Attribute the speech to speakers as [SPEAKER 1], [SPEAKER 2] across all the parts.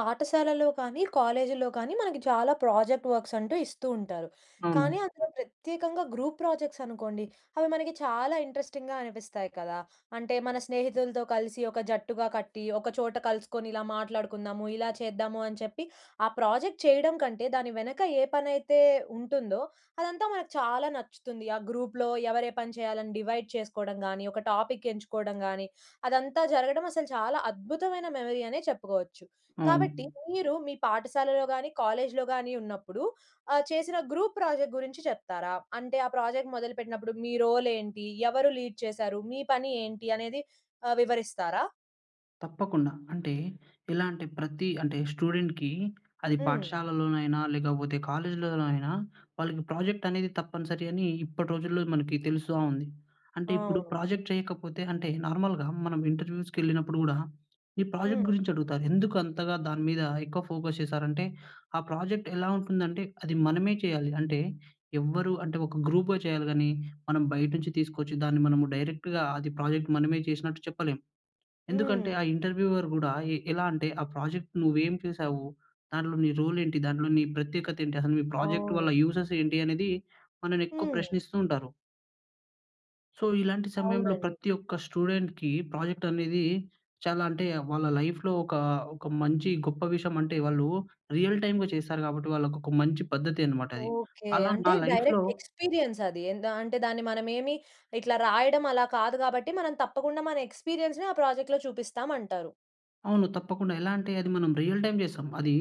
[SPEAKER 1] పాఠశాలలో కానీ కాలేజీల్లో కానీ మనకి చాలా ప్రాజెక్ట్ వర్క్స్ అంటూ ఇస్తూ ఉంటారు. కానీ
[SPEAKER 2] అవును.
[SPEAKER 1] అందులో ప్రత్యేకంగా గ్రూప్ ప్రాజెక్ట్స్ అనుకోండి, అవి మనకి చాలా ఇంట్రెస్టింగ్‍గా అనిపిస్తాయి కదా! అంటే మన స్నేహితులతో కలిసి ఒక జట్టుగా కట్టి ఒక చోట కలుసుకొని ఇలా మాట్లాడుకుందాము, ఇలా చేద్దాము అని చెప్పి ఆ ప్రాజెక్ట్ చేయడం కంటే దాని వెనక ఏ పనైతే ఉంటుందో అదంతా మనకు చాలా నచ్చుతుంది. ఆ గ్రూప్‌లో ఎవరు ఏ పని చేయాలని డివైడ్ చేసుకోవడం గానీ, ఒక టాపిక్ ఎంచుకోవడం గానీ, అదంతా జరగడం అసలు చాలా అద్భుతమైన మెమరీ అనే చెప్పుకోవచ్చు. కాబట్టి
[SPEAKER 2] అవును.
[SPEAKER 1] మీరు మీ పాఠశాలలో గానీ, కాలేజ్‌లో గానీ ఉన్నప్పుడు ఆహ్, చేసిన గ్రూప్ ప్రాజెక్ట్ గురించి చెప్తారా? అంటే ఆ ప్రాజెక్ట్ మొదలుపెట్టినప్పుడు మీ రోల్ ఏంటి? ఎవరు లీడ్ చేశారు? మీ పని ఏంటి? అనేది ఆహ్, వివరిస్తారా?
[SPEAKER 2] తప్పకుండా. అంటే ఎలా అంటే ప్రతి అంటే స్టూడెంట్‌కి అది
[SPEAKER 1] హ్మ్.
[SPEAKER 2] పాఠశాలలోనైనా, లేకపోతే కాలేజీలో అయినా వాళ్ళకి ప్రాజెక్ట్ అనేది తప్పనిసరి అని ఇప్పటి రోజుల్లో మనకి తెలుస్తా ఉంది. అంటే ఇప్పుడు
[SPEAKER 1] అవును.
[SPEAKER 2] ప్రాజెక్ట్ చేయకపోతే అంటే నార్మల్‍గా మనం ఇంటర్వ్యూస్‌కెళ్ళినప్పుడు కూడా ఈ ప్రాజెక్ట్
[SPEAKER 1] హ్మ్.
[SPEAKER 2] గురించి అడుగుతారు. ఎందుకు అంతగా దాని మీద ఎక్కువ ఫోకస్ చేశారంటే ఆ ప్రాజెక్ట్ ఎలా ఉంటుందంటే అది మనమే చేయాలి. అంటే ఎవరు అంటే ఒక గ్రూప్‌గా చేయాలి కానీ మనం బయట నుంచి తీసుకొచ్చి దాన్ని మనము డైరెక్ట్‌గా అది ప్రాజెక్ట్ మనమే చేసినట్టు చెప్పలేం. ఎందుకంటే
[SPEAKER 1] హ్మ్.
[SPEAKER 2] ఆ ఇంటర్వ్యూవర్ కూడా ఎ ఎలా అంటే "ఆ ప్రాజెక్ట్ నువ్వు ఏం చేసావు? దాంట్లో నీ రోల్ ఏంటి? దాంట్లో నీ ప్రత్యేకత ఏంటి? అసలు మీ ప్రాజెక్ట్ వల్ల
[SPEAKER 1] అవును.
[SPEAKER 2] యూజెస్ ఏంటి?" అనేది మనల్ని ఎక్కువ
[SPEAKER 1] హ్మ్.
[SPEAKER 2] ప్రశ్నిస్తూ ఉంటారు. సో ఇలాంటి సమయంలో
[SPEAKER 1] అవునండి.
[SPEAKER 2] ప్రతి ఒక్క స్టూడెంట్‌కీ ప్రాజెక్ట్ అనేదీ చాలా అంటే వాళ్ళ లైఫ్‌లో ఒకా, ఒక మంచి గొప్ప విషయము అంటే వాళ్ళు రియల్ టైమ్‌గా చేసారు కాబట్టి వాళ్ళకొక మంచి పద్ధతి అన్నమాట అది.
[SPEAKER 1] ఓకె.
[SPEAKER 2] అలా నా
[SPEAKER 1] అంటే
[SPEAKER 2] లైఫ్‌లో
[SPEAKER 1] డైరెక్ట్‌ ఎక్స్‌పీరియన్స్ అది. ఎందా అంటే దాన్ని మనమేమి ఇట్లా రాయడం అలా కాదు కాబట్టి మనం తప్పకుండా మన ఎక్స్‌పీరియన్స్‌ని ఆ ప్రాజెక్ట్‌లో చూపిస్తామంటారు.
[SPEAKER 2] అవును తప్పకుండా. ఎలా అంటే అది మనం రియల్ టైమ్ జేసాం. అదీ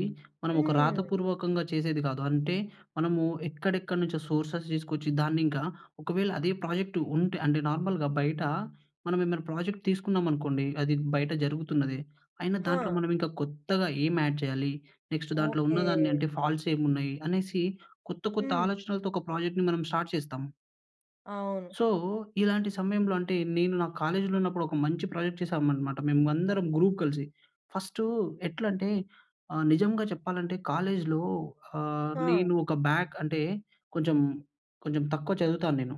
[SPEAKER 2] మనం ఒక
[SPEAKER 1] హ్మ్.
[SPEAKER 2] రాతపూర్వకంగా చేసేది గాదు. అంటే మనము ఎక్కడెక్కడ నుంచో సోర్సెస్ దీసుకొచ్చి దాన్నింకా ఒకవేళ అదే ప్రాజెక్ట్ ఉంటే అంటే నార్మల్‌గా బయటా మనం ఏమైనా ప్రాజెక్ట్ తీసుకున్నామనుకోండి అది బయట జరుగుతున్నదే అయినా దాంట్లో
[SPEAKER 1] ఆ!
[SPEAKER 2] మనం ఇంకా కొత్తగా ఏం యాడ్ చేయాలి? నెక్స్ట్ దాంట్లో
[SPEAKER 1] ఓకె!
[SPEAKER 2] ఉన్నదాన్ని అంటే ఫాల్ట్సేమున్నాయి? అనేసి కొత్త కొత్త
[SPEAKER 1] హ్మ్.
[SPEAKER 2] ఆలోచనలతో ఒక ప్రాజెక్ట్‌ని మనం స్టార్ట్ చేస్తాం.
[SPEAKER 1] అవును.
[SPEAKER 2] సో ఇలాంటి సమయంలో అంటే నేను నా కాలేజ్‌లో ఉన్నప్పుడు ఒక మంచి ప్రాజెక్ట్ చేసామనమాట మేము అందరం గ్రూప్ కలిసి. ఫస్టూ ఎట్లంటే ఆహ్, నిజంగా చెప్పాలంటే కాలేజ్‌లో ఆహ్,
[SPEAKER 1] ఆ!
[SPEAKER 2] నేను ఒక బ్యాక్ అంటే కొంచెం కొంచెం తక్కువ చదువుతాను నేను.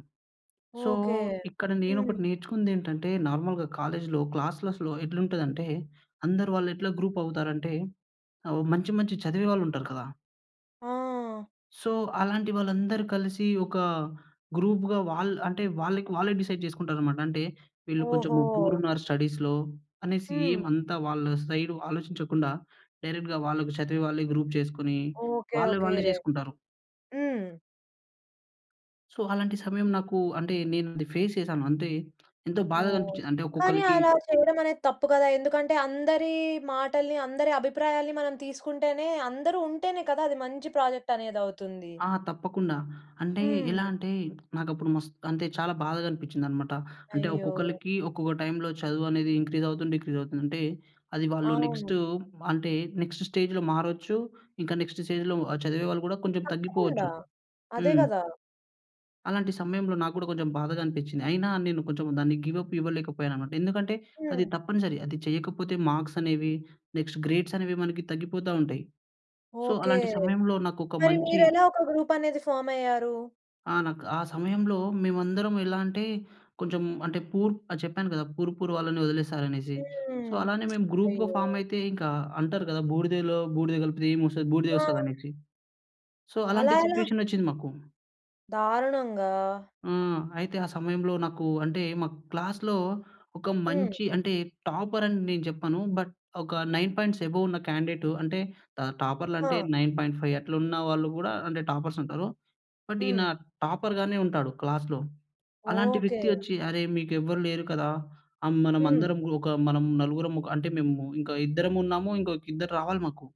[SPEAKER 2] So
[SPEAKER 1] okay.
[SPEAKER 2] ఇక్కడ
[SPEAKER 1] హ్మ్.
[SPEAKER 2] నేనొకటి నేర్చుకుందేంటంటే నార్మల్‍గా కాలేజ్‌లో క్లాస్లెస్‌లో ఎట్లుంటుందంటే అందరు వాళ్ళు ఎట్లా గ్రూప్ అవుతారంటే అవొ మంచి, మంచి చదివే వాళ్ళు ఉంటారు కదా!
[SPEAKER 1] ఆ!
[SPEAKER 2] సో అలాంటి వాళ్ళందరూ కలిసి, ఒకా గ్రూప్‌గా వాళ్ అంటే వాళ్ళకి వాళ్ళే డిసైడ్ జేసుకుంటారన్నమాట. అంటే వీళ్ళు కొంచెం
[SPEAKER 1] ఓహో!
[SPEAKER 2] పూర్ ఉన్నారు స్టడీస్‌లో అనేసి
[SPEAKER 1] హ్మ్.
[SPEAKER 2] ఏమంతా వాళ్ళ సైడు ఆలోచించకుండా డైరెక్ట్‌గా వాళ్ళకి చదివే వాళ్ళే గ్రూప్ చేసుకొని
[SPEAKER 1] ఓకె,
[SPEAKER 2] వాళ్ళే
[SPEAKER 1] ఓకె.
[SPEAKER 2] వాళ్ళే జేసుకుంటారు.
[SPEAKER 1] హ్మ్.
[SPEAKER 2] సో అలాంటి సమయం నాకు అంటే నేనది ఫేస్ చేశాను. అంటే ఎంతో బాధగా
[SPEAKER 1] ఓహ్!
[SPEAKER 2] అనిపించింది. అంటే
[SPEAKER 1] కానీ
[SPEAKER 2] ఒక్కొక్కళ్లకి
[SPEAKER 1] అలా చేయడం అనేది తప్పు కదా! ఎందుకంటే అందరి మాటల్ని, అందరి అభిప్రాయాల్ని, మనం తీసుకుంటేనే అందరూ ఉంటేనే కదా! అది మంచి ప్రాజెక్ట్ అనేది అవుతుంది.
[SPEAKER 2] ఆ! తప్పకుండా. అంటే
[SPEAKER 1] హ్మ్.
[SPEAKER 2] ఎలా అంటే నాకు అప్పుడు మస్త్ అంటే చాలా బాధగా అనిపించింది అన్నమాట. అంటే
[SPEAKER 1] అయ్యో!
[SPEAKER 2] ఒక్కొక్కళ్ళకి ఒక్కొక్క టైమ్‌లో చదువు అనేది ఇంక్రీస్ అవుతుంది, డిక్రీస్ అవుతుంది. అంటే అది వాళ్ళు
[SPEAKER 1] అవును.
[SPEAKER 2] నెక్స్ట్ అంటే నెక్స్ట్ స్టేజ్‌లో మారొచ్చు. ఇంకా నెక్స్ట్ స్టేజ్‌లో చదివేవాళ్ళు కూడా కొంచెం
[SPEAKER 1] తప్పకుండా.
[SPEAKER 2] తగ్గిపోవచ్చు.
[SPEAKER 1] అదే
[SPEAKER 2] హ్మ్.
[SPEAKER 1] గదా!
[SPEAKER 2] అలాంటి సమయంలో నాకు గూడా కొంచెం బాధగా అనిపించింది. అయినా నేను కొంచెం దాన్ని గివ్‌ అప్ ఇవ్వలేకపోయానన్నమాట. ఎందుకంటే అది
[SPEAKER 1] హ్మ్.
[SPEAKER 2] తప్పనిసరి. అది చేయకపోతే మార్క్స్ అనేవి నెక్స్ట్ గ్రేడ్స్ అనేవి మనకి తగ్గిపోతా ఉంటాయి. So
[SPEAKER 1] okay.
[SPEAKER 2] అలాంటి సమయంలో నాకొక
[SPEAKER 1] మరి
[SPEAKER 2] మంచి
[SPEAKER 1] మీరెలా ఒక గ్రూప్ అనేది ఫార్మ్ అయ్యారు?
[SPEAKER 2] ఆ! నాకు ఆ సమయంలో మేమందరం ఎలా అంటే కొంచెం అంటే పూర్ ఆహ్, చెప్పాను కదా! పూర్ పూర్ వాళ్ళని వదిలేసారు అనేసి. సో
[SPEAKER 1] హ్మ్.
[SPEAKER 2] అలానే మేము గ్రూప్‌గా
[SPEAKER 1] అయ్యో!
[SPEAKER 2] ఫార్మ్ అయితే ఇంకా అంటారు కదా! బూడిదలో బూడిద కలిపితే ఏమొస్తది? బూడిదే వస్తది
[SPEAKER 1] ఆ!
[SPEAKER 2] అనేసి. సో అలాంటి
[SPEAKER 1] అలా ఎలా?
[SPEAKER 2] సిట్యుయేషన్ వచ్చింది మాకు.
[SPEAKER 1] దారుణంగా.
[SPEAKER 2] ఆ! అయితే ఆ సమయంలో నాకు అంటే మా క్లాస్‌లో ఒక
[SPEAKER 1] హ్మ్.
[SPEAKER 2] మంచి అంటే టాపర్ అని నేను చెప్పను. బట్ ఒక 9 పాయింట్స్ అబోవ్ ఉన్న క్యాండేట్ అంటే ట టాపర్‌లు అంటే
[SPEAKER 1] ఆ!
[SPEAKER 2] 9.5 అట్లున్న వాళ్ళు గూడా అంటే టాపర్స్ ఉంటారు. బట్ ఈయన
[SPEAKER 1] హ్మ్.
[SPEAKER 2] టాపర్‌గానే ఉంటాడు క్లాస్‌లో. అలాంటి
[SPEAKER 1] ఓకే.
[SPEAKER 2] వ్యక్తి వచ్చి అరే మీకు ఎవ్వరు లేరు కదా! ఆహ్,
[SPEAKER 1] హ్మ్.
[SPEAKER 2] మనమందరం ఒక మనం నలుగురం ఒక అంటే మేము ఇంకా ఇద్దరం ఉన్నాము, ఇంకో ఇద్దరు రావాలి మాకు.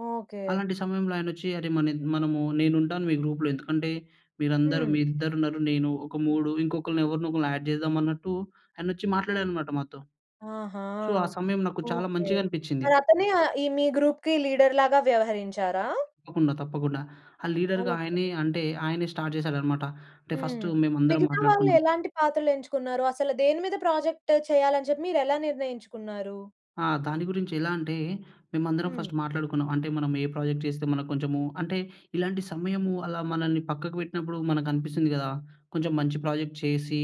[SPEAKER 1] ఓకే.
[SPEAKER 2] అలాంటి సమయంలో ఆయనొచ్చి "అరె! మన మనము నేను ఉంటాను మీ గ్రూప్‌లో. ఎందుకంటే, మీరందరు
[SPEAKER 1] హ్మ్.
[SPEAKER 2] మీ ఇద్దరున్నారు నేను ఒక మూడు ఇంకొకళ్ళని ఎవరినో ఒకరిని యాడ్ చేద్దామన్నట్టు" ఆయనొచ్చి మాట్లాడారన్నమాట మాతో.
[SPEAKER 1] ఆహా!
[SPEAKER 2] సో, ఆ సమయం నాకు చాలా
[SPEAKER 1] ఓకే.
[SPEAKER 2] మంచిగా అనిపించింది.
[SPEAKER 1] మరి అతనే ఆహ్, ఈ మీ గ్రూప్‌కి లీడర్‌లాగ వ్యవహరించారా?
[SPEAKER 2] తప్పకుండా తప్పకుండా. ఆ లీడర్‌గా
[SPEAKER 1] ఓకే.
[SPEAKER 2] ఆయనే అంటే ఆయనే స్టార్ట్ చేసాడన్నమాట. అంటే ఫస్టు
[SPEAKER 1] హ్మ్.
[SPEAKER 2] మేమందరం
[SPEAKER 1] మిగతా వాళ్ళు
[SPEAKER 2] మాట్లాడుకున్నాం.
[SPEAKER 1] ఎలాంటి పాత్రలెంచుకున్నారు? అసలు దేనిమీద ప్రాజెక్ట్ చేయాలని చెప్పి మీరెలా నిర్ణయించుకున్నారు?
[SPEAKER 2] ఆ! దాని గురించి ఎలా అంటే, మేమందరం
[SPEAKER 1] హ్మ్.
[SPEAKER 2] ఫస్ట్ మాట్లాడుకున్నాం. అంటే మనం ఏ ప్రాజెక్ట్ చేస్తే మనకు కొంచెము అంటే ఇలాంటి సమయము అలా మనల్ని పక్కకు పెట్టినప్పుడు మనకనిపిస్తుంది కదా! కొంచెం మంచి ప్రాజెక్ట్ చేసి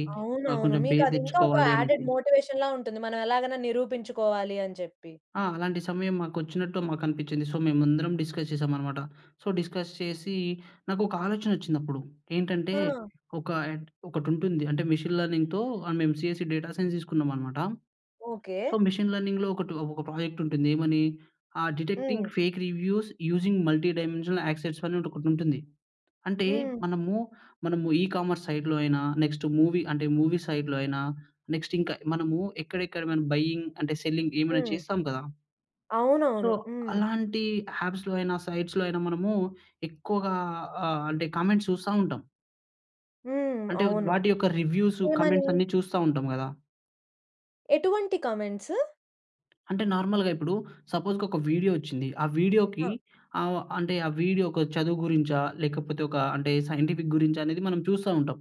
[SPEAKER 2] ఆహ్,
[SPEAKER 1] అవునవును.
[SPEAKER 2] కొంచెము
[SPEAKER 1] మీకు
[SPEAKER 2] పేరు
[SPEAKER 1] అది ఇంకా ఒక యాడెడ్
[SPEAKER 2] తెచ్చుకోవాలనేసి.
[SPEAKER 1] మోటివేషన్‌లా ఉంటుంది. మనం ఎలాగైనా నిరూపించుకోవాలి అని చెప్పి.
[SPEAKER 2] ఆ! అలాంటి సమయం మాకొచ్చినట్టు మాకనిపించింది. సో, మేమందరం డిస్కస్ చేసామన్నమాట. సో, డిస్కస్ చేసీ నాకు ఒక ఆలోచనొచ్చిందప్పుడు. ఏంటంటే,
[SPEAKER 1] ఆ!
[SPEAKER 2] ఒక ఒకటుంటుంది అంటే మెషీన్ లెర్నింగ్‌తో మేము సీఎస్సీ డేటా సైన్స్ తీసుకున్నామనమాట.
[SPEAKER 1] ఓకే.
[SPEAKER 2] సో, మెషీన్ లెర్నింగ్‌లో ఒకటి ఒక ప్రాజెక్ట్ ఉంటుంది ఏమని! Ah, detecting
[SPEAKER 1] hmm.
[SPEAKER 2] Fake reviews using multi dimensional యాక్సెస్ అని ఒకటుంటుంది. అంటే
[SPEAKER 1] హ్మ్.
[SPEAKER 2] మనము, మనము ఈకామర్స్ సైడ్‌లో అయినా నెక్స్ట్ మూవీ అంటే మూవీ సైడ్‌‌లో అయినా నెక్స్ట్ ఇంకా మనము ఎక్కడెక్కడ బైయింగ్ అంటే సెల్లింగ్ ఏమైనా
[SPEAKER 1] హ్మ్.
[SPEAKER 2] చేస్తాం కదా! సో,
[SPEAKER 1] అవునవును. హ్మ్.
[SPEAKER 2] అలాంటీ యాప్స్‌లో అయినా సైట్స్‌లో అయినా మనమూ ఎక్కువగా ఆహ్, అంటే కామెంట్స్ చూస్తా ఉంటాం.
[SPEAKER 1] హ్మ్.
[SPEAKER 2] అంటే
[SPEAKER 1] అవును.
[SPEAKER 2] వాటి యొక్క రివ్యూసు
[SPEAKER 1] ఏమని?
[SPEAKER 2] కామెంట్స్ అన్ని చూస్తా ఉంటాం గదా!
[SPEAKER 1] ఎటువంటి కామెంట్స్?
[SPEAKER 2] అంటే నార్మల్‌గా ఇప్పుడు సపోజ్‌కి ఒక వీడియో వచ్చింది. ఆ వీడియో‌కి
[SPEAKER 1] ఆ!
[SPEAKER 2] ఆహ్, అంటే ఆ వీడియో ఒక చదువు గురించా? లేకపోతే ఒక అంటే సైంటిఫిక్ గురించా? అనేది మనం చూస్తా ఉంటాం.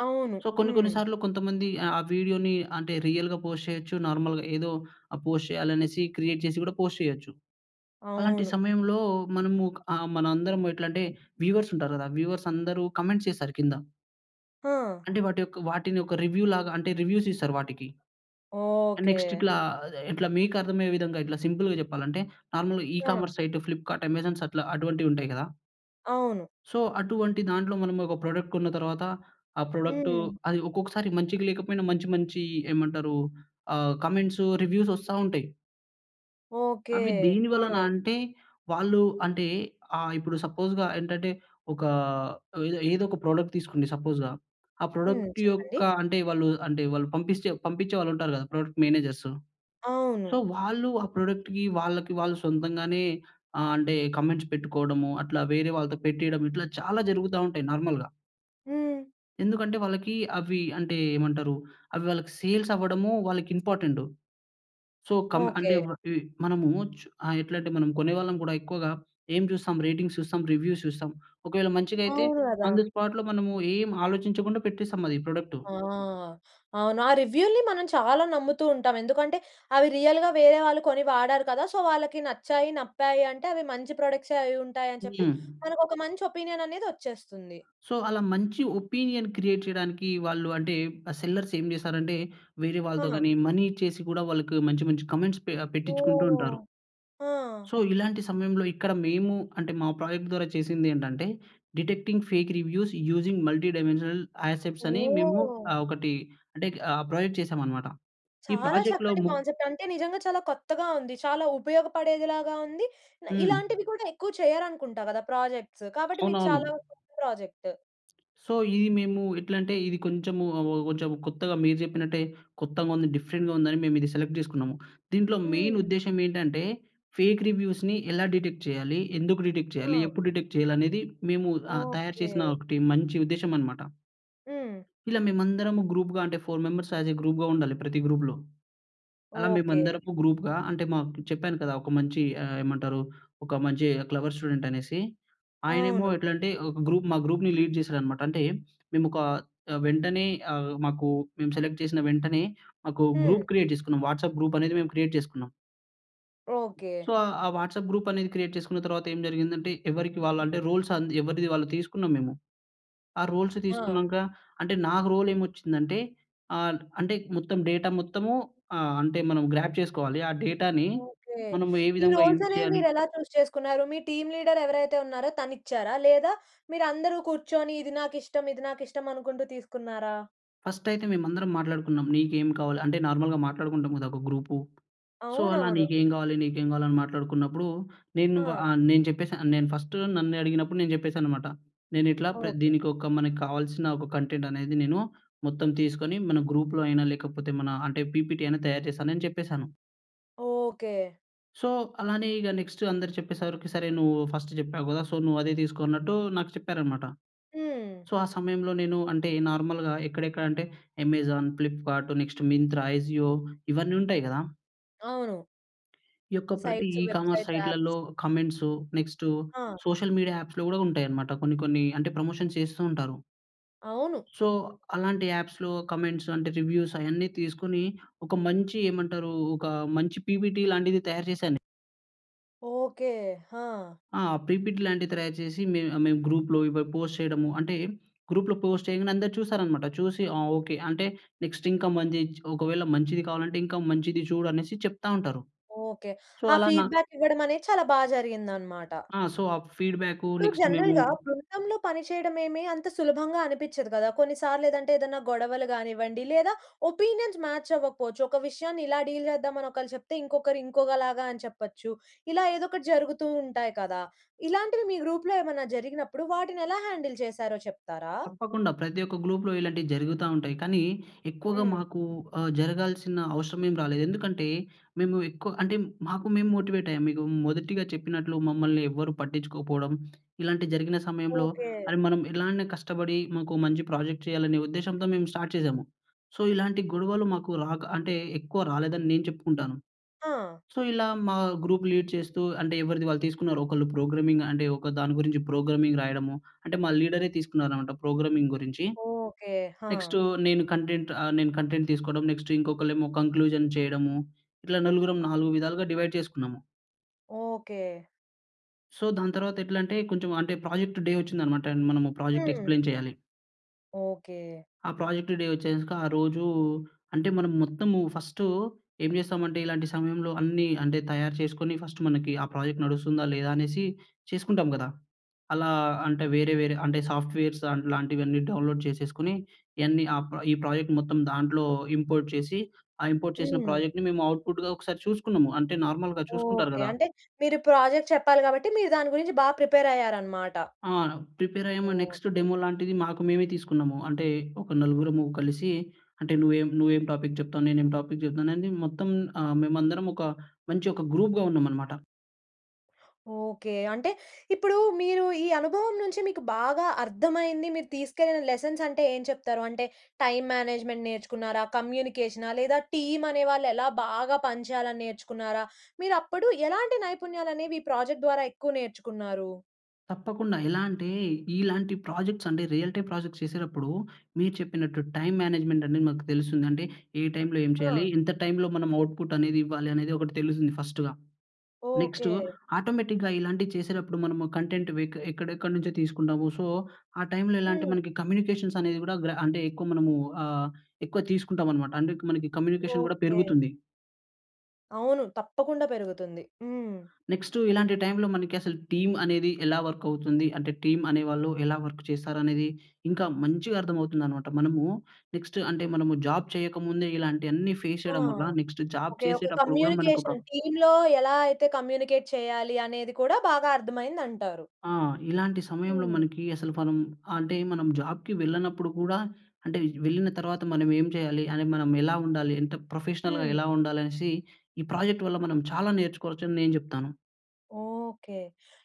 [SPEAKER 1] అవును.
[SPEAKER 2] సో కొన్ని కొన్ని
[SPEAKER 1] హ్మ్.
[SPEAKER 2] సార్లు కొంతమంది ఆ వీడియో‌నీ అంటే రియల్‌గా పోస్ట్ చేయొచ్చు. నార్మల్‌గా ఏదో ఆ! పోస్ట్ చేయాలనేసి క్రియేట్ చేసి గూడా పోస్ట్ చేయొచ్చు. అలాంటి
[SPEAKER 1] అవును.
[SPEAKER 2] సమయంలో మనము ఆ! మనందరం ఎట్లా అంటే వ్యూవర్స్ ఉంటారు కదా! వ్యూవర్స్ అందరు కామెంట్ చేస్తారు కింద.
[SPEAKER 1] హా!
[SPEAKER 2] అంటే వాటి యొక్క వాటిని ఒక రివ్యూలాగా అంటే రివ్యూస్ ఇస్తారు వాటికి. Next
[SPEAKER 1] okay.
[SPEAKER 2] ఇట్లా, ఇట్లా మీకు అర్థమయ్యే విధంగా ఇట్లా సింపుల్‌గా జెప్పాలంటే
[SPEAKER 1] ఆ!
[SPEAKER 2] ఈకామర్స్ సైట్ 'ఫ్లిప్‌కార్ట్' 'అమేజాన్' అట్లా అటువంటివి ఉంటాయి కదా!
[SPEAKER 1] అవును.
[SPEAKER 2] సో అటువంటి దాంట్లో మనం ఒక ప్రొడక్ట్ కొన్న తర్వాత, ఆ ప్రొడక్టూ
[SPEAKER 1] హ్మ్.
[SPEAKER 2] అది ఒక్కొక్కసారి మంచికి లేకపోయినా మంచి మంచి ఏమంటారు? ఆహ్, కామెంట్సూ రివ్యూసూ వస్తా ఉంటాయి.
[SPEAKER 1] ఓకే.
[SPEAKER 2] అవి దేని వలన
[SPEAKER 1] ఆ!
[SPEAKER 2] అంటే వాళ్ళు అంటే ఆహ్, ఇప్పుడు సపోజ్‌గా ఏంటంటే ఒక ఏదో ఏదో ఒక ప్రొడక్ట్ తీసుకోండి సపోజ్‌గా. ఆ
[SPEAKER 1] హ్మ్.
[SPEAKER 2] ప్రొడక్ట్ యొక్క
[SPEAKER 1] చెప్పండి.
[SPEAKER 2] అంటే వాళ్ళు అంటే వాళ్ళు పంపిస్తే పంపించే వాళ్ళు ఉంటారు గదా! Product managers. సో
[SPEAKER 1] అవును.
[SPEAKER 2] వాళ్ళు ఆ ప్రాడక్ట్‌కి వాళ్ళకి వాళ్ళు సొంతంగానే ఆహ్, అంటే కామెంట్స్ పెట్టుకోవడము. అట్లా వేరే వాళ్ళతో పెట్టియడం. ఇట్లా చాలా జరుగుతా ఉంటాయి నార్మల్‌గా.
[SPEAKER 1] హ్మ్.
[SPEAKER 2] ఎందుకంటే వాళ్ళకి అవి అంటే ఏమంటారు అవి వాళ్ళకి సేల్స్ అవ్వడము వాళ్ళకి ఇంపార్టెంటు. సో, కం అంటే
[SPEAKER 1] ఓకే.
[SPEAKER 2] వ ఇవి మనము చు ఆహ్, ఎట్లా అంటే మనం కొనేవాళ్ళం కూడా ఎక్కువగా ఏం చూస్తాం రేటింగ్ చూస్తాం, రివ్యూస్ చూస్తాం. ఒకవేళ మంచిదైతే
[SPEAKER 1] అవున గదా!
[SPEAKER 2] ఆన్ ది స్పాట్‌లో మనము ఏమి ఆలోచించకుండా పెట్టేస్తాం అది ప్రోడక్టు.
[SPEAKER 1] ఆ! అవును ఆ రివ్యూ‌ల్ని మనం చాలా నమ్ముతూ ఉంటాం. ఎందుకంటే అవి రియల్‌గా వేరే వాళ్ళు కొని వాడారు కదా! సో, వాళ్ళకి నచ్చాయి, నప్పాయింటే అవి మంచి ప్రొడక్ట్సే అవి ఉంటాయి అని చెప్పి
[SPEAKER 2] హ్మ్.
[SPEAKER 1] మనకు ఒక మంచి ఒపీనియన్ అనేది ఓచ్చేస్తుంది.
[SPEAKER 2] సో, అలా మంచి ఒపీనియన్ క్రియేట్ చేయడానికి వాళ్ళు అంటే ఆ సెల్లర్స్ ఏం చేసారంటే వేరే వాళ్ళతో
[SPEAKER 1] హ!
[SPEAKER 2] గాని మనీ ఇచ్చేసి కూడా వాళ్ళకి మంచి మంచి కామెంట్స్ పె పెట్టించుకుంటూ
[SPEAKER 1] ఓహ్!
[SPEAKER 2] ఉంటారు.
[SPEAKER 1] ఆ!
[SPEAKER 2] సో ఇలాంటి సమయంలో ఇక్కడ మేము అంటే మా ప్రాజెక్ట్ ద్వారా చేసిందేంటంటే detecting fake reviews using multi dimensional aspects అని మేము
[SPEAKER 1] ఓహ్!
[SPEAKER 2] ఆహ్, ఒకటి అంటే ఆహ్, ప్రాజెక్ట్ చేసాం అన్నమాట. ఈ
[SPEAKER 1] చాలా
[SPEAKER 2] ప్రాజెక్ట్‌లో
[SPEAKER 1] చక్కటి
[SPEAKER 2] ము
[SPEAKER 1] కాన్సెప్ట్ అంటే నిజంగా చాలా కొత్తగా ఉంది, చాలా ఉపయోగపడేదిలాగా ఉంది,
[SPEAKER 2] హ్మ్.
[SPEAKER 1] ఇలాంటివి కూడా ఎక్కువ చేయరనుకుంటా కదా! ప్రాజెక్ట్సు కాబట్టి మీరు
[SPEAKER 2] అవునవును.
[SPEAKER 1] చాలా గొప్ప ప్రాజెక్టు.
[SPEAKER 2] సో, ఇది మేము ఎట్లా అంటే ఇది కొంచెం, ఆవొవొ కొంచెం కొత్తగా మీరు చెప్పినట్టే కొత్తగా ఉంది, డిఫరెంట్‌గా ఉంది అని మేము ఇది సెలెక్ట్ చేసుకున్నాము. దీంట్లో మెయిన్
[SPEAKER 1] హ్మ్.
[SPEAKER 2] ఉద్దేశ్యమేంటంటే ఫేక్ రివ్యూస్‌ని ఎలా డిటెక్ట్ చేయాలి? ఎందుకు డిటెక్ట్ చేయాలి?
[SPEAKER 1] ఆ!
[SPEAKER 2] ఎప్పుడు డిటెక్ట్ చేయాలి? అనేది మేము ఆహ్, తయారు
[SPEAKER 1] ఓకే.
[SPEAKER 2] చేసిన ఒకటి మంచి ఉద్దేశ్యమన్నమాట.
[SPEAKER 1] హ్మ్.
[SPEAKER 2] ఇలా మేమందరము గ్రూప్‌గా అంటే 4 మెంబెర్స్ యాజ్ ఏ గ్రూప్‌గా ఉండాలి ప్రతి గ్రూప్‌లో. అలా
[SPEAKER 1] ఓకే.
[SPEAKER 2] మేమందరము గ్రూప్‌గా అంటే మాకు చెప్పాను కదా! ఒక మంచి ఆహ్, ఏమంటారు ఒక మంచి క్లెవర్ స్టూడెంట్ అనేసి, ఆయనేమో
[SPEAKER 1] అవును.
[SPEAKER 2] ఎట్లాంటే ఒక గ్రూప్ మా గ్రూప్‌ని లీడ్ చేసాడన్నమాట. అంటే మేము ఒక ఆహ్, వెంటనే ఆహ్, మాకు మేము సెలక్ట్ చేసిన వెంటనే మాకు
[SPEAKER 1] హ్మ్.
[SPEAKER 2] గ్రూప్ క్రియేట్ చేసుకున్నాం. వాట్సాప్ గ్రూప్ అనేది మేము క్రియేట్ చేసుకున్నాం.
[SPEAKER 1] ఓకే.
[SPEAKER 2] సో, ఆహ్, ఆ వాట్సాప్ గ్రూపనేది క్రియేట్ చేసుకున్న తర్వాత ఏం జరిగిందంటే, ఎవరికి వాళ్ళంటే, రోల్స్ ఆంద్ ఎవరిది వాళ్ళు తీసుకున్నాం మేము. ఆ రోల్స్
[SPEAKER 1] ఆ!
[SPEAKER 2] తీసుకున్నాంక, అంటే, నాకు రోలేమొచ్చిందంటే, ఆల్ట్ అంటే ఇక మొత్తం డేటా మొత్తము ఆహ్, అంటే మనం గ్రాబ్ చేసుకోవాలి, ఆ డేటాని
[SPEAKER 1] ఓకే.
[SPEAKER 2] మనం ఏ
[SPEAKER 1] ఈ
[SPEAKER 2] విధంగా యూజ్
[SPEAKER 1] రోల్సనే
[SPEAKER 2] చెయ్యాలి.
[SPEAKER 1] మీరెలా చూస్ చేసుకున్నారు. మీ టీమ్ లీడరెవరైతే ఉన్నారో తనిచ్చారా? లేదా మీరందరూ కూర్చొని, ఇది నాకిష్టం, ఇది నాకిష్టం అనుకుంటూ తీసుకున్నారా?
[SPEAKER 2] ఫస్టయితే మేమందరం మాట్లాడుకున్నాం. నీకేం కావాలి అంటే, నార్మల్‌గా మాట్లాడుకుంటాం గదా ఒక గ్రూపు. సో, అలా
[SPEAKER 1] అవునవును.
[SPEAKER 2] "నీకేం గావాలి? నీకేం గావాలి?" అని మాట్లాడుకున్నప్పుడూ, నేను వా
[SPEAKER 1] ఆ!
[SPEAKER 2] ఆహ్, నేను చెప్పేశా. ఆహ్, నేను ఫస్ట్ నన్నే అడిగినప్పుడు, నేను చెప్పేశాననమాట. నేనిట్లా ప్ర
[SPEAKER 1] ఓకే.
[SPEAKER 2] దీనికొక మనకు కావాల్సిన ఒక కంటెంటనేది నేను మొత్తం తీసుకొని, మన గ్రూప్‌లో అయినా, లేకపోతే మనా అంటే, పీపీటీ అయినా తయారు చేస్తానని చెప్పేశాను.
[SPEAKER 1] ఓకే.
[SPEAKER 2] సో, అలానే ఇగ నెక్స్ట్ అందరు చెప్పే సరికి, సరే నువ్వూ ఫస్ట్ జెప్పావు గదా! సో, నువ్వదే తీసుకో అన్నట్టూ నాకు చెప్పారనమాట.
[SPEAKER 1] హ్మ్.
[SPEAKER 2] సో, ఆ సమయంలో నేను అంటే, నార్మల్‌గా ఎక్కడెక్కడంటే, Amazon, Flipkart, next Myntra, Ajio ఇవన్నుంటాయి గదా!
[SPEAKER 1] అవును.
[SPEAKER 2] ఈ యొక్క ప్రతీ
[SPEAKER 1] సైట్స్,
[SPEAKER 2] ఈ-కామర్స్
[SPEAKER 1] వెబ్‌సైట్స్, యాప్స్.
[SPEAKER 2] సైట్‌ల‌ల్లొ కమెంట్స్, నెక్స్ట్
[SPEAKER 1] ఆ!
[SPEAKER 2] సోషల్ మీడియా యాప్స్‌లో గూడా ఉంటాయనమాట కొన్ని కొన్నీ. అంటే, ప్రమోషన్స్ చేస్తూ ఉంటారు.
[SPEAKER 1] అవును.
[SPEAKER 2] సో, అలాంటి యాప్స్‌లో కమెంట్స్ అంటే, రివ్యూసయన్నీ తీసుకునీ, ఒక మంచి ఏమంటరూ ఒకా మంచి పిపీటీ లాంటిది తయారు చేశాను నే
[SPEAKER 1] ఓకే. ఆ!
[SPEAKER 2] ఆ! పీపీటీ లాంటివి త్రయారు చేసి మేం మేము గ్రూప్‌లో ఇవి పోస్ట్ చేయడము అంటే గ్రూప్‌లో పోస్ట్ చేయంగానే అందరు చూసారన్నమాట. చూసి ఆ ఓకే. అంటే నెక్స్ట్ ఇంకా మంజి ఒకవేళ మంచిది కావాలంటే ఇంకా మంచిది చూడు అనేసి చెప్తా ఉంటారు.
[SPEAKER 1] ఓకే.
[SPEAKER 2] సో
[SPEAKER 1] ఆ
[SPEAKER 2] అలా నా
[SPEAKER 1] ఫీడ్‌బ్యాక్ ఇవ్వడం అనేది చాలా బా జరిగిందన్నమాట.
[SPEAKER 2] ఆ సో ఆ ఫీడ్‌బ్యాకు
[SPEAKER 1] ఇప్పుడు
[SPEAKER 2] నెక్స్ట్ మేము
[SPEAKER 1] జనరల్‌గా బృందంలో పనిచేయడం ఏమి అంత సులభంగా అనిపించదు గదా! కొన్ని సార్లు ఏదంటే ఏదైనా గొడవలు గానివ్వండి లేదా ఒపీనియన్స్ మ్యాచ్ అవ్వకపోవచ్చు. ఒక విషయాన్ని ఇలా డీల్ చేద్దాం అని ఒకళ్ళు చెప్తే ఇంకొకరు ఇంకొకలాగా అని చెప్పొచ్చు. ఇలా ఏదో ఒకటి జరుగుతూ ఉంటాయి కదా! ఇలాంటివి మీ గ్రూప్‌లో ఏమైనా జరిగినప్పుడు వాటిని ఎలా హ్యాండిల్ చేసారో చెప్తారా?
[SPEAKER 2] తప్పకుండా. ప్రతి ఒక్క గ్లూప్‍లో ఇలాంటివి జరుగుతా ఉంటాయి. కానీ ఎక్కువగా
[SPEAKER 1] హ్మ్.
[SPEAKER 2] మాకు ఆహ్, జరగాల్సిన అవషరం ఏం రాలేదు. ఎందుకంటే మేము ఎక్కువ అంటే, మాకు మేము మోటివేట్ అయ్యాం. మీకు మొదటిగా చెప్పినట్లు మమ్మల్ని ఎవ్వరూ పట్టించుకోకపోవడం ఇలాంటివి జరిగిన సమయంలో
[SPEAKER 1] ఓకే.
[SPEAKER 2] అరే! మనం ఎలా అయినా కష్టపడి మాకు మంచి ప్రాజెక్ట్ చేయాలనే ఉద్దేశ్యంతో మేము స్టార్ట్ చేసాము. సో ఇలాంటి గొడవలు మాకు రాక అంటే ఎక్కువ రాలేదని నేను చెప్పుకుంటాను.
[SPEAKER 1] ఆ!
[SPEAKER 2] సో ఇలా మా గ్రూప్ లీడ్ చేస్తూ అంటే ఎవరిది వాళ్ళు తీసుకున్నారు. ఒకళ్ళు ప్రోగ్రామింగ్ అంటే ఒక దాని గురించి ప్రోగ్రామింగ్ రాయడము. అంటే మా లీడరే తీసుకున్నారన్నమాట ప్రోగ్రామింగ్ గురించి.
[SPEAKER 1] ఓకే. హ!
[SPEAKER 2] నెక్స్ట్ నేను కంటెంట్ ఆహ్, నేను కంటెంట్ తీసుకోవడం, నెక్స్ట్ ఇంకొకళ్లేమో కంక్లూజన్ చేయడము ఇట్లా నలుగురం నాలుగు విధాలుగా డివైడ్ చేసుకున్నాము.
[SPEAKER 1] ఓకే.
[SPEAKER 2] సో దాని తరువాత ఎట్లంటే కొంచెం అంటే ప్రాజెక్టు డే వచ్చిందనమాట. మనము ప్రాజెక్టు
[SPEAKER 1] హ్మ్.
[SPEAKER 2] ఎక్స్‌ప్లైన్ చేయాలి.
[SPEAKER 1] ఓకే.
[SPEAKER 2] ఆ ప్రాజెక్ట్ డే వచ్చేసాక ఆ రోజూ అంటే మనం మొత్తము ఫస్టు ఏం చేస్తామంటే ఇలాంటి సమయంలో అన్నీ అంటే తయారు చేసుకొని ఫస్ట్ మనకి ఆ ప్రాజెక్ట్ నడుస్తుందా లేదా అనేసి చేసుకుంటాం కదా! అలా అంటే వేరే వేరే అంటే సాఫ్ట్‌వేర్స్ లాంటివన్నీ డౌన్‌లోడ్ చేసేసుకొని ఇయన్నీ అ ఈ ప్రాజెక్ట్ మొత్తం దాంట్లో ఇంపోర్ట్ చేసి ఆ ఇంపోర్ట్ చేసిన
[SPEAKER 1] హ్మ్.
[SPEAKER 2] ప్రాజెక్ట్‌ని మేము ఔట్‌పుట్‌గా ఒకసారి చూసుకున్నాము. అంటే నార్మల్‍గా చూసుకుంటారు
[SPEAKER 1] ఓకే.
[SPEAKER 2] కదా!
[SPEAKER 1] అంటే మీరు ప్రాజెక్ట్ చెప్పాలి కాబట్టి మీరు దాని గురించి బా ప్రిపేరయ్యారనమాట.
[SPEAKER 2] ఆ! ప్రిపేర్ అయ్యాము. Next
[SPEAKER 1] okay.
[SPEAKER 2] డెమో లాంటిది మాకు మేమే తీసుకున్నాము. అంటే ఒక నలుగురము కలిసి అంటే నువ్వేం, నువ్వేం టాపిక్ చెప్తావు, నేనేం టాపిక్ చెప్తానని మొత్తం ఆహ్, మేమందరం ఒక మంచి ఒక గ్రూప్‌గా ఉన్నామన్నమాట.
[SPEAKER 1] ఓకే. అంటే ఇప్పుడు మీరు ఈ అనుభవం నుంచి మీకు బాగా అర్థమైంది మీరు తీసుకెళ్ళిన లెసన్స్ అంటే ఏం చెప్తారు? అంటే టైమ్ మేనేజ్మెంట్ నేర్చుకున్నారా? కమ్యూనికేషనా? లేదా టీమ్ అనే వాళ్ళు ఎలా బాగా పనిచేయాలని నేర్చుకున్నారా? మీరప్పుడు ఎలాంటి నైపుణ్యాలనేవి ఈ ప్రాజెక్ట్ ద్వారా ఎక్కువ నేర్చుకున్నారు?
[SPEAKER 2] తప్పకుండా. ఎలా అంటే, ఇలాంటి ప్రాజెక్ట్స్ అంటే, రియల్టీ ప్రాజెక్ట్స్ చేసేటప్పుడు, మీరు చెప్పినట్టు టైమ్ మేనేజ్మెంట్ అనేది మనకు తెలుస్తుంది. అంటే, ఏ టైమ్‌లో ఏం చేయాలి?
[SPEAKER 1] అ!
[SPEAKER 2] ఎంత టైమ్‌లో మనం ఔట్‌పుట్‌ అనేది ఇవ్వాలి? అనేది ఒకటి తెలుస్తుంది ఫస్ట్‌గా. Next
[SPEAKER 1] okay.
[SPEAKER 2] ఆటోమేటిక్‌గా ఇలాంటివి చేసేటప్పుడు, మనము కంటెంట్ వె ఎక్కడెక్కడి నుంచో తీసుకుంటాము. సో, ఆ టైమ్‌లో ఎలా అంటే
[SPEAKER 1] హ్మ్.
[SPEAKER 2] మనకి కమ్యూనికేషన్స్ అనేవి కూడా, గ్ర అంటే ఎక్కువ మనము ఆహ్, ఎక్కువ తీసుకుంటాం అనమాట. అంటే, మనకి కమ్యూనికేషన్ కూడా
[SPEAKER 1] ఓకె.
[SPEAKER 2] పెరుగుతుంది.
[SPEAKER 1] అవును. తప్పకుండా పెరుగుతుంది. హ్మ్.
[SPEAKER 2] నెక్స్టు, ఇలాంటి టైమ్‌లో మనకి అసలు టీమ్ అనేది ఎలా వర్క్ అవుతుంది అంటే, టీమ్ అనేవాళ్ళు ఎలా వర్క్ చేస్తారు అనేది, ఇంకా మంచిగా అర్థం అవుతుందన్నమాట. మనము నెక్స్ట్ అంటే, మనము జాబ్ చేయకముందే, ఇలాంటి అన్ని ఫేస్
[SPEAKER 1] ఆ!
[SPEAKER 2] చేయడం వల్ల, నెక్స్ట్ జాబ్
[SPEAKER 1] ఓకె. ఒక
[SPEAKER 2] చేసేటప్పుడు కూడా మనకొక
[SPEAKER 1] కమ్యూనికేషన్, టీమ్‌లో ఎలా అయితే కమ్యూనికేట్ చేయాలి, అనేది కూడా బాగా అర్థమైంది అంటారు.
[SPEAKER 2] ఆ! ఇలాంటి సమయంలో
[SPEAKER 1] హ్మ్.
[SPEAKER 2] మనకి అసలు మనం అంటే మనం జాబ్‌కి వెళ్ళనప్పుడు కూడా అంటే, వెళ్ళిన తర్వాత మనం ఏం చేయాలి? అంటే మనం ఎలా ఉండాలి? ఎంత ప్రొఫెషనల్‌గా
[SPEAKER 1] హ్మ్.
[SPEAKER 2] ఎలా ఉండాలి అనేసి, ఈ ప్రాజెక్ట్ వల్ల మనం చాలా నేర్చుకోవచ్చు అని నేను చెప్తాను.
[SPEAKER 1] ఓకె.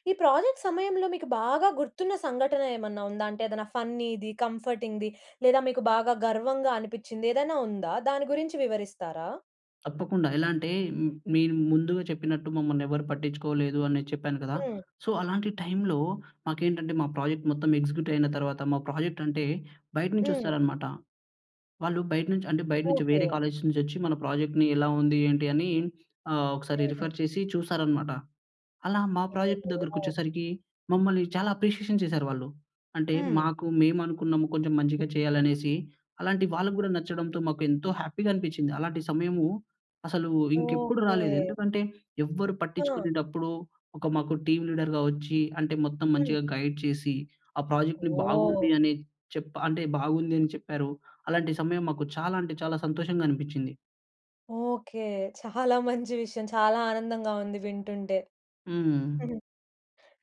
[SPEAKER 1] ఈ ప్రాజెక్ట్ సమయంలో, మీకు బాగా గుర్తున్న సంఘటన ఏమైనా ఉందా? అంటే, ఏదైనా ఫన్నీది, కంఫర్టింగ్‌ది. లేదా, మీకు గర్వంగా అనిపించింది, ఏదైనా ఉందా? దాని గురించి వివరిస్తారా?
[SPEAKER 2] తప్పకుండా ఎలా అంటే, మీరు ముందుగా చెప్పినట్టు మమ్మల్ని ఎవరు పట్టించుకోలేదని చెప్పాను కదా!
[SPEAKER 1] హ్మ్.
[SPEAKER 2] సో అలాంటి టైమ్‌లో మాకేంటంటే, మా ప్రాజెక్ట్ మొత్తం ఎగ్జిక్యూటివ్ అయిన తర్వాత మా ప్రాజెక్ట్ అంటే, బయట నుంచి
[SPEAKER 1] హ్మ్.
[SPEAKER 2] వస్తారన్నమాట. వాళ్ళు బయట నుంచి అంటే బయట నుంచి వేరే
[SPEAKER 1] ఓకే.
[SPEAKER 2] కాలేజ్స్ నుంచి వచ్చి, మన ప్రాజెక్ట్‌ని ఎలా ఉంది? ఏంటి? అని ఆహ్, ఒకసారి
[SPEAKER 1] హ్మ్.
[SPEAKER 2] రిఫర్ చేసి చూస్తారన్నమాట. అలా మా ప్రాజెక్ట్ దగ్గరకి
[SPEAKER 1] ఓహోహో!
[SPEAKER 2] వచ్చేసరికి మమ్మల్ని చాలా అప్రిషియేషన్ చేశారు వాళ్ళు. అంటే
[SPEAKER 1] హ్మ్.
[SPEAKER 2] మాకు మేము అనుకున్నాము కొంచెం మంచిగా చేయాలనేసి. అలాంటి వాళ్ళకి కూడా నచ్చడంతో మాకు ఎంతో హ్యాపీగా అనిపిచ్చింది. అలాంటి సమయము అసలు ఇంకెప్పుడూ
[SPEAKER 1] ఓకే.
[SPEAKER 2] రాలేదు. ఎందుకంటే ఎవ్వరు
[SPEAKER 1] ఆ!
[SPEAKER 2] పట్టించుకునేటప్పుడు, ఒక మాకు టీమ్ లీడర్‌గా వచ్చి, అంటే మొత్తం
[SPEAKER 1] హ్మ్.
[SPEAKER 2] మంచిగా గైడ్ చేసి, ఆ ప్రాజెక్ట్‌ని
[SPEAKER 1] ఓహ్!
[SPEAKER 2] బాగుంది అని చెప్పా అంటే బాగుంది అని చెప్పారు. అలాంటి సమయం మాకు చాలా అంటే చాలా సంతోషంగా అనిపిచ్చింది.
[SPEAKER 1] ఓకే. చాలా మంచి విషయం చాలా ఆనందంగా ఉంది వింటుంటే.
[SPEAKER 2] హ్మ్.
[SPEAKER 1] హ్మ్.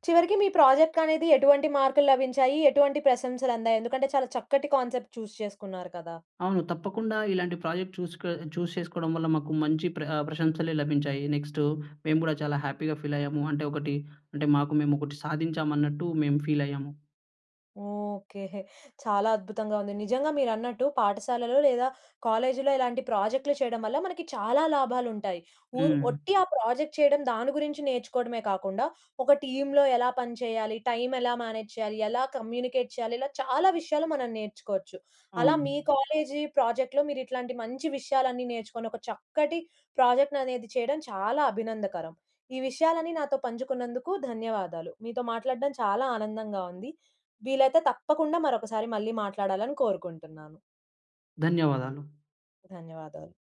[SPEAKER 1] చివరికి మీ ప్రాజెక్టనేది ఎటువంటి మార్కులు లభించాయి? ఎటువంటి ప్రశంసలందాయి? ఎందుకంటే చాలా చక్కటి కాన్సెప్ట్ చూ‌స్ చేసుకున్నారు కదా!
[SPEAKER 2] అవును. తప్పకుండా ఇలాంటి ప్రాజెక్ట్ చూ‌స్‌కొ చూ‌స్ చేసుకోవడం వల్ల మాకు మంచి ప్ర ప్రశంసలే లభించాయి. నెక్స్ట్ మేము కూడా చాలా హ్యాపీ‌గా ఫీలయ్యాము. అంటే ఒకటి, అంటే మాకు మేము ఒకటి సాధించామన్నట్టు మేము ఫీల్ అయ్యాము.
[SPEAKER 1] ఓకే. చాలా అద్భుతంగా ఉంది. నిజంగా మీరన్నట్టు పాఠశాలలో లేదా కాలేజీలో ఇలాంటి ప్రాజెక్ట్‌లు చేయడం వల్ల మనకి చాలా లాభాలు ఉంటాయి. వు
[SPEAKER 2] హ్మ్.
[SPEAKER 1] ఒట్టి ఆ ప్రాజెక్ట్ చేయడం, దాని గురించి నేర్చుకోవడమే కాకుండా ఒక టీమ్‌లో ఎలా పని చేయాలి? టైమ్ ఎలా మేనేజ్ చేయాలి? ఎలా కమ్యూనికేట్ చేయాలి? ఇలా చాలా విషయాలు మనం నేర్చుకోవచ్చు. అలా
[SPEAKER 2] అవును.
[SPEAKER 1] మీ కాలేజీ ప్రాజెక్ట్‌లో మీరిట్లాంటి మంచి విషయాలన్నీ నేర్చుకొని, ఒక చక్కటి ప్రాజెక్ట్ అనేది చేయడం చాలా అభినందకరం. ఈ విషయాలన్నీ నాతో పంచుకున్నందుకు ధన్యవాదాలు. మీతో మాట్లాడడం చాలా ఆనందంగా ఉంది. వీలైతే తప్పకుండా మరొకసారి మళ్ళీ మాట్లాడాలని కోరుకుంటున్నాను.
[SPEAKER 2] ధన్యవాదాలు.
[SPEAKER 1] ధన్యవాదాలు.